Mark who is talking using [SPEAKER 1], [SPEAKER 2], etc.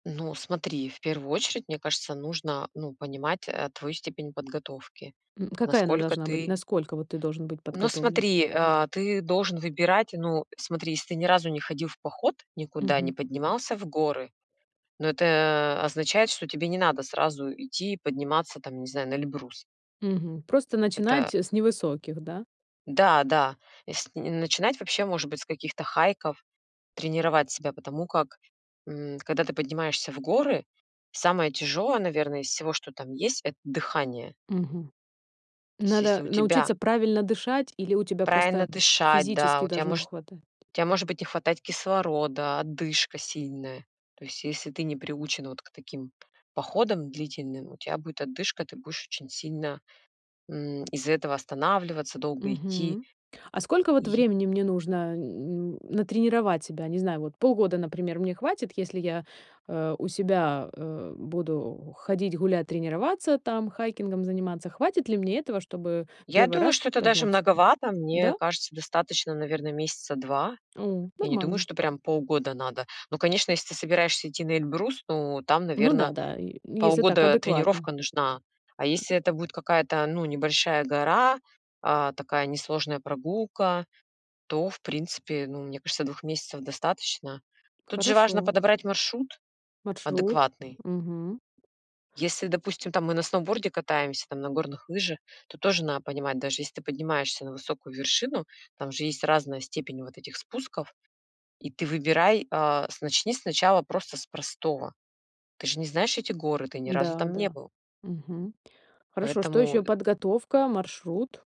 [SPEAKER 1] Ну, смотри, в первую очередь, мне кажется, нужно, ну, понимать, э, твою степень подготовки,
[SPEAKER 2] М, какая она
[SPEAKER 1] насколько
[SPEAKER 2] должна быть?
[SPEAKER 1] ты
[SPEAKER 2] Насколько вот ты должен быть
[SPEAKER 1] Ну,
[SPEAKER 2] подготовлен?
[SPEAKER 1] смотри, а, ты должен выбирать Ну, смотри, если ты ни разу не ходил в поход никуда, не
[SPEAKER 2] Мгм.
[SPEAKER 1] поднимался в горы, ну, это означает, что тебе не надо сразу идти подниматься, там, не знаю, на Эльбрус.
[SPEAKER 2] Мгм, просто
[SPEAKER 1] Это
[SPEAKER 2] начинать, э, с невысоких, да?
[SPEAKER 1] Да, да, есл начинать вообще, может быть, с каких-то хайков, тренировать себя, потому как, м, когда ты поднимаешься в горы, самое тяжёлое, наверное, из всего, что там есть,- это дыхание.
[SPEAKER 2] Мгм.
[SPEAKER 1] То есть если
[SPEAKER 2] Надо
[SPEAKER 1] у тебя
[SPEAKER 2] научиться правильно дышать, или у тебя
[SPEAKER 1] Правильно
[SPEAKER 2] просто
[SPEAKER 1] дышать, да,
[SPEAKER 2] физически
[SPEAKER 1] у тебя
[SPEAKER 2] должно
[SPEAKER 1] может
[SPEAKER 2] хватать?
[SPEAKER 1] у тебя может быть не хватать кислорода, одышка сильная. То есть, если ты не приучен вот к таким п походам длительным, у тебя будет одышка, ты будешь очень сильно, м, из-за этого останавливаться, долго идти.
[SPEAKER 2] Мгм. А сколько вот
[SPEAKER 1] И
[SPEAKER 2] времени мне нужно н н натренировать себя? Не знаю, вот полгода, например, мне хватит, если я, э, у себя, э, буду ходить, гулять, тренироваться там, хайкингом заниматься. Хватит ли мне этого, чтобы
[SPEAKER 1] Я
[SPEAKER 2] 1
[SPEAKER 1] думаю,
[SPEAKER 2] раз
[SPEAKER 1] что это даже
[SPEAKER 2] подняться?
[SPEAKER 1] многовато. Мне
[SPEAKER 2] Да?
[SPEAKER 1] кажется, достаточно, наверное, месяца 2.
[SPEAKER 2] У,
[SPEAKER 1] Я не думаю,
[SPEAKER 2] нормально.
[SPEAKER 1] что прям полгода надо. Но, конечно, если ты собираешься идти на Эльбрус, ну, там,
[SPEAKER 2] Ну да,
[SPEAKER 1] наверно,
[SPEAKER 2] да, э, если так
[SPEAKER 1] полгода
[SPEAKER 2] адекватно.
[SPEAKER 1] тренировка нужна. А если это будет какая-то, ну, небольшая гора, а, такая несложная прогулка, то, в принципе, ну, мне кажется, 2 месяцев достаточно. Тут же важно
[SPEAKER 2] Хорошо.
[SPEAKER 1] подобрать маршрут
[SPEAKER 2] Маршрут.
[SPEAKER 1] адекватный.
[SPEAKER 2] Мгм.
[SPEAKER 1] Если, допустим, там, мы на сноуборде катаемся, там, на горных лыжах, то тоже на понимать, даже если ты поднимаешься на высокую вершину, там же есть разная степень вот этих спусков, и ты выбирай, а, с начни сначала просто с простого. Ты же не знаешь эти горы, ты ни разу
[SPEAKER 2] Да,
[SPEAKER 1] там не
[SPEAKER 2] да.
[SPEAKER 1] был.
[SPEAKER 2] Мгм. Хорошо, что
[SPEAKER 1] Поэтому
[SPEAKER 2] еще?
[SPEAKER 1] э
[SPEAKER 2] Подготовка, маршрут?